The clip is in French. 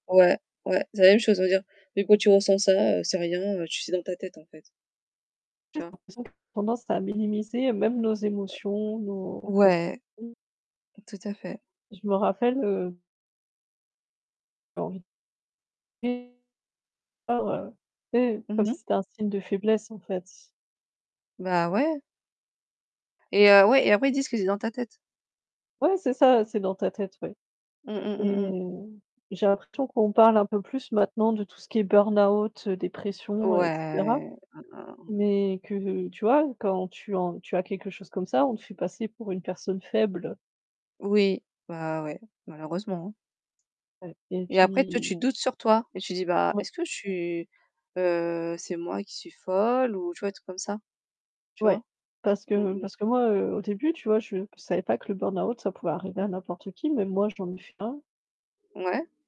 Ouais, ouais, c'est la même chose à vrai dire. Mais quand tu ressens ça, c'est rien, tu c'est dans ta tête en fait. En Tu fait j'ai vois? l'impression [unintelligible] tendance à minimiser même nos émotions, nos Ouais, ressentis. tout à fait. Je me rappelle, heu [unintelligible] Bah voilà, tu sais, Mmh comme si mh. c'était un signe de faiblesse en fait. Bah, ouais. Et heu, ouais et après ils disent que c'est dans ta tête. Ouais, c'est ça, c'est dans ta tête, ouais. Mmh mh, mmh Et mh. j'ai l'impression qu'on parle un peu plus maintenant de tout ce qui est burnout, heu, dépression, et cetera. Ouais Mmh, mmh, mmh, mmh. Mais que tu vois, quand tu en tu as quelque chose comme ça, on te fait passer pour une personne faible. Oui, bah, ouais, malheureusement, hein. Ouais, et Et après toi puis tu doutes sur toi et tu dis: «Bah, Ouais. est-ce que je suis, heu c'est moi qui suis folle?» ou tu vois des trucs comme ça, tu Ouais, vois? parce Mmh que mh. parce que moi, heu, au début tu vois, je savais pas que le burnout ça pouvait arriver à n'importe qui, même moi j'en ai fait un. Ouais.